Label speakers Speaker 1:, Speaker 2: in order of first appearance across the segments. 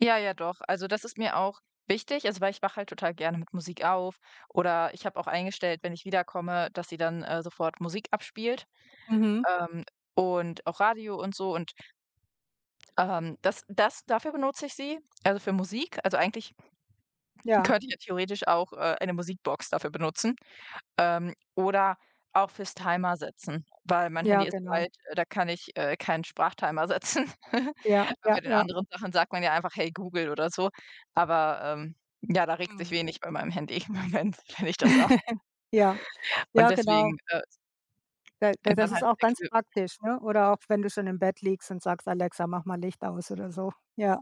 Speaker 1: Ja, ja doch. Also, das ist mir auch wichtig, also weil ich wach halt total gerne mit Musik auf oder ich habe auch eingestellt, wenn ich wiederkomme, dass sie dann, äh, sofort Musik abspielt,
Speaker 2: Mhm.
Speaker 1: ähm, und auch Radio und so. Und ähm, das das dafür benutze ich sie, also, für Musik. Also, eigentlich
Speaker 2: Ja.
Speaker 1: könnte ich ja theoretisch auch, äh, eine Musikbox dafür benutzen. Ähm, oder auch fürs Timer setzen, weil mein Handy
Speaker 2: Ja,
Speaker 1: ist so
Speaker 2: genau.
Speaker 1: alt, äh, da kann ich, äh, keinen Sprachtimer setzen.
Speaker 2: Ja,
Speaker 1: Weil
Speaker 2: ja,
Speaker 1: bei den
Speaker 2: ja.
Speaker 1: anderen Sachen sagt man ja einfach: „Hey Google“ oder so. Aber, ähm, ja, da regt sich
Speaker 2: Mhm.
Speaker 1: wenig bei meinem Handy im Moment, wenn ich das sage.
Speaker 2: Ja.
Speaker 1: Und
Speaker 2: Ja, genau.
Speaker 1: deswegen, äh
Speaker 2: Weil da
Speaker 1: wenn
Speaker 2: das
Speaker 1: dann
Speaker 2: ist
Speaker 1: halt
Speaker 2: auch ganz
Speaker 1: [unintelligible]
Speaker 2: praktisch, ne? Oder auch wenn du schon im Bett liegst und sagst: „Alexa, mach mal Licht aus“ oder so, ja.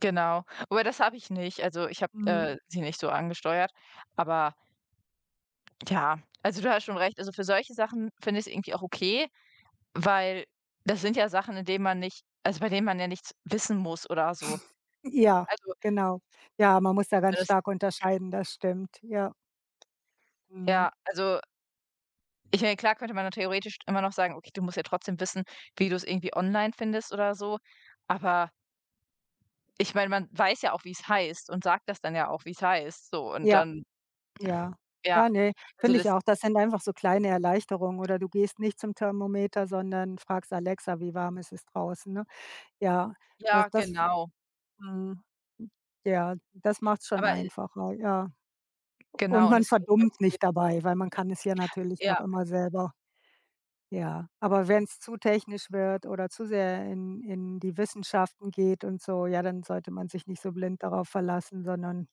Speaker 1: Genau. Aber das habe ich nicht. Also, ich habe,
Speaker 2: Mhm.
Speaker 1: äh, sie nicht so angesteuert, aber ja. Also, du hast schon recht. Also, für solche Sachen finde ich's irgendwie auch okay, weil das sind ja Sachen, in denen man nicht also, bei denen man ja nichts wissen muss oder so.
Speaker 2: Ja,
Speaker 1: Also
Speaker 2: genau. Ja, man muss da
Speaker 1: weil
Speaker 2: ganz
Speaker 1: das
Speaker 2: stark unterscheiden, das stimmt, ja. Mhm.
Speaker 1: Ja, also ...ich meine, klar könnte man nur theoretisch immer noch sagen: „Okay, du musst jetzt trotzdem wissen, wie du's irgendwie online findest“ oder so, aber ich meine, man weiß ja auch, wie's heißt und sagt das dann ja auch, wie's heißt, so und
Speaker 2: Ja.
Speaker 1: dann
Speaker 2: Ja.
Speaker 1: Ja,
Speaker 2: Ja, ne,
Speaker 1: also,
Speaker 2: finde ich
Speaker 1: das
Speaker 2: auch. Das sind einfach so kleine Erleichterung. Oder du gehst nicht zum Thermometer, sondern fragst Alexa, wie warm ist es draußen, ne? Ja, das
Speaker 1: Ja,
Speaker 2: das
Speaker 1: genau.
Speaker 2: Mhm, ja. Das macht's schon
Speaker 1: Aber, äh
Speaker 2: einfacher, ja. U und
Speaker 1: Genau, und
Speaker 2: man
Speaker 1: deswegen, ich glaube
Speaker 2: verdummt
Speaker 1: das geht
Speaker 2: nicht dabei, weil man kann es ja natürlich noch
Speaker 1: Ja.
Speaker 2: immer selber. Ja, aber wenn's zu technisch wird oder zu sehr in in die Wissenschaften geht und so, ja, dann sollte man sich nicht so blind darauf verlassen, sondern